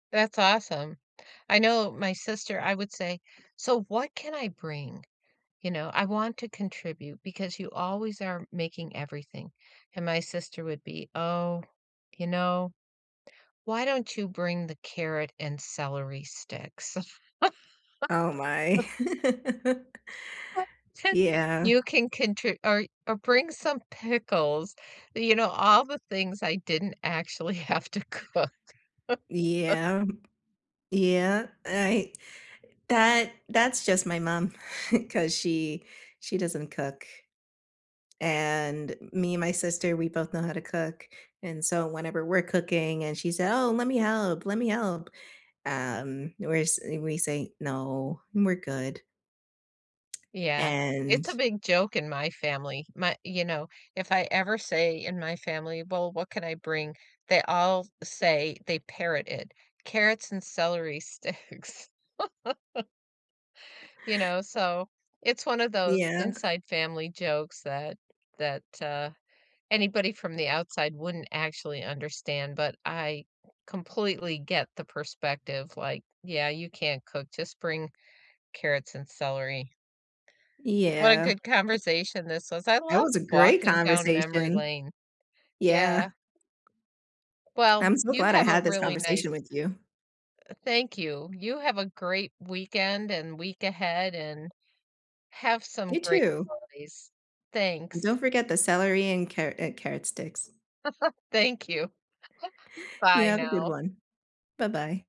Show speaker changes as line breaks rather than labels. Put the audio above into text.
That's awesome. I know my sister I would say, "So, what can I bring? You know, I want to contribute because you always are making everything." And my sister would be, "Oh, you know, why don't you bring the carrot and celery sticks?"
Oh my. Yeah.
"You can contri or or, bring some pickles,” you know, all the things I didn't actually have to cook.
Yeah, yeah, I that that's just my mom, 'cause she she doesn't cook. And me and my sister, we both know how to cook, and so whenever we're cooking, and she said, "Oh, let me help, let me help." Um, we're sa we say "No, we're good."
Yeah, it's a
And
big joke in my family, my you know, if I ever say, in my family, "Well, what can I bring?" They all say they parrot it: "Carrots and celery sticks.“ You know? So, it's one of those
Yeah.
inside family jokes that that, uh, anybody from the outside wouldn't actually understand, but I completely get the perspective, like, "Yeah, you can't cook, just bring carrots and celery." What a
Yeah.
good
A
conversation this was, I
That
love
was a great
walking down memory
conversation.
lane.
Yeah.
Yeah. Well,
I'm so
you
glad I
have a
had this
really nice
conversation with you.
eh thank you, you have a great weekend and week ahead, and have some
You,
great
too.
holidays,
And
thanks.
don't forget the celery and car uh, carrot sticks.
Thank you.
You
Bye,
have a good
now.
one. Buh-bye.